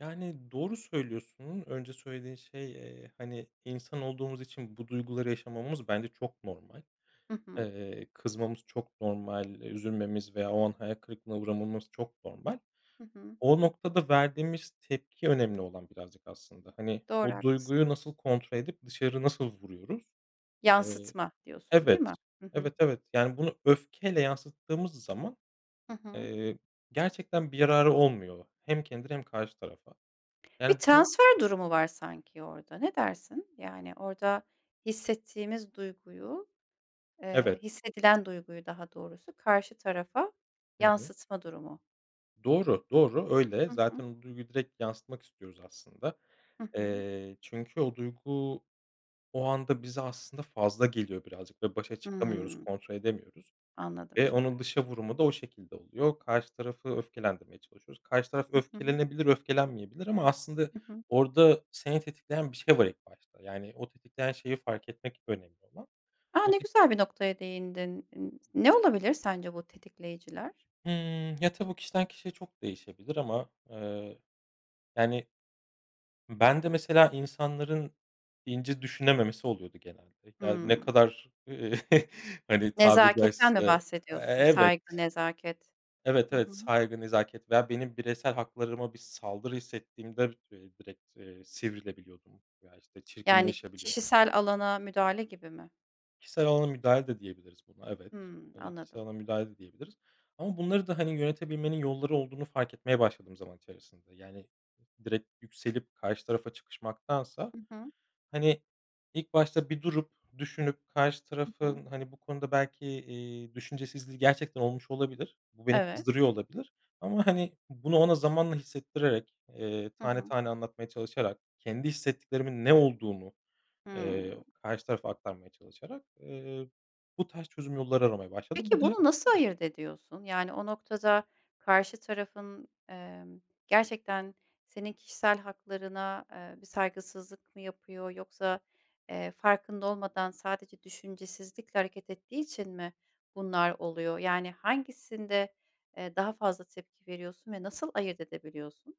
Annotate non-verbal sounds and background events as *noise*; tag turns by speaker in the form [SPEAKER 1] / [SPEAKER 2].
[SPEAKER 1] Yani, doğru söylüyorsun. Önce söylediğin şey, eee, hani, insan olduğumuz için bu duyguları yaşamamız bence çok normal.
[SPEAKER 2] Hı hı.
[SPEAKER 1] Eee, kızmamız çok normal. Üzülmemiz veya o an hayal kırıklığına uğramamız çok normal.
[SPEAKER 2] Hı hı.
[SPEAKER 1] O noktada verdiğimiz tepki önemli olan birazcık aslında. Hani,
[SPEAKER 2] Doğru,
[SPEAKER 1] o
[SPEAKER 2] haklısın.
[SPEAKER 1] duyguyu nasıl kontrol edip dışarı nasıl vuruyoruz? Eee,
[SPEAKER 2] Yansıtma diyorsun, değil
[SPEAKER 1] evet.
[SPEAKER 2] mi? Hı hı.
[SPEAKER 1] Evet, evet, yani, bunu öfkeyle yansıttığımız zaman,
[SPEAKER 2] Hı hı.
[SPEAKER 1] eee, gerçekten bir yararı olmuyor. Hem kendine hem karşı tarafa. Yani,
[SPEAKER 2] Bir
[SPEAKER 1] bunu
[SPEAKER 2] transfer durumu var sanki orada, ne dersin? Yani, orada hissettiğimiz duyguyu, eee,
[SPEAKER 1] Evet.
[SPEAKER 2] hissedilen duyguyu daha doğrusu karşı tarafa
[SPEAKER 1] Hı hı.
[SPEAKER 2] yansıtma durumu.
[SPEAKER 1] Doğru, doğru, öyle.
[SPEAKER 2] Hı hı.
[SPEAKER 1] Zaten o duyguyu direkt yansıtmak istiyoruz aslında.
[SPEAKER 2] Hı hı.
[SPEAKER 1] Eee, çünkü o duygu o anda bize aslında fazla geliyor birazcık ve başa çıkamıyoruz,
[SPEAKER 2] Hıı.
[SPEAKER 1] kontrol edemiyoruz
[SPEAKER 2] Anladım
[SPEAKER 1] ve
[SPEAKER 2] şimdi.
[SPEAKER 1] onun dışa vurumu da o şekilde oluyor. Karşı tarafı öfkelendirmeye çalışıyoruz. Karşı taraf
[SPEAKER 2] Hı hı.
[SPEAKER 1] öfkelenebilir, öfkelenmeyebilir ama aslında
[SPEAKER 2] Hı hı.
[SPEAKER 1] orada seni tetikleyen bir şey var ilk başta. Yani, o tetikleyen şeyi fark etmek önemli olan.
[SPEAKER 2] A!
[SPEAKER 1] O
[SPEAKER 2] Ne
[SPEAKER 1] tip
[SPEAKER 2] güzel bir noktaya değindin. N ne olabilir sence bu tetikleyiciler?
[SPEAKER 1] Hımm. Ya, tabii kişiden kişiye çok değişebilir ama, eee, yani, ben de, mesela, insanların ince düşünememesi oluyordu genelde. Ya, ne
[SPEAKER 2] Hıı.
[SPEAKER 1] kadar *chuckles* hani, tabiri
[SPEAKER 2] Nezaketten mi
[SPEAKER 1] caizse, e
[SPEAKER 2] bahsediyorsun?
[SPEAKER 1] evet.
[SPEAKER 2] Saygı, nezaket.
[SPEAKER 1] Evet,
[SPEAKER 2] Hı
[SPEAKER 1] evet
[SPEAKER 2] hı.
[SPEAKER 1] saygı, nezaket veya benim bireysel haklarıma bir saldırı hissettiğimde direkt, eee, sivrilebiliyordum veya, işte,
[SPEAKER 2] Yani,
[SPEAKER 1] çirkinleşebiliyordum.
[SPEAKER 2] kişisel alana müdahale gibi mi?
[SPEAKER 1] Kişisel alana müdahale de diyebiliriz buna, evet.
[SPEAKER 2] Hıı,
[SPEAKER 1] Evet,
[SPEAKER 2] anladım.
[SPEAKER 1] kişisel alana müdahale de diyebiliriz ama bunları da, hani, yönetebilmenin yolları olduğunu fark etmeye başladım zaman içerisinde. Yani, direkt yükselip karşı tarafa çıkışmaktansa,
[SPEAKER 2] Hı hı.
[SPEAKER 1] hani, ilk başta bir durup düşünüp karşı
[SPEAKER 2] Hı hı.
[SPEAKER 1] tarafın, hani, bu konuda belki, iii, düşüncesizliği gerçekten olmuş olabilir. Bu beni
[SPEAKER 2] Evet.
[SPEAKER 1] kızdırıyor olabilir ama, hani, bunu ona zamanla hissettirerek, eee,
[SPEAKER 2] Hı
[SPEAKER 1] tane
[SPEAKER 2] hı.
[SPEAKER 1] tane anlatmaya çalışarak, kendi hissettiklerimin ne olduğunu,
[SPEAKER 2] Hıı.
[SPEAKER 1] eee, karşı tarafa aktarmaya çalışarak, eee, bu tarz çözüm yolları aramaya başladım.
[SPEAKER 2] Peki,
[SPEAKER 1] Bu da
[SPEAKER 2] bunu nasıl ayırt ediyorsun? Yani, o noktada karşı tarafın, emm, gerçekten senin kişisel haklarına, eee, bir saygısızlık mı yapıyor yoksa, eee, farkında olmadan sadece düşüncesizlikle hareket ettiği için mi bunlar oluyor? Yani, hangisinde, eee, daha fazla tepki veriyorsun ve nasıl ayırt edebiliyorsun?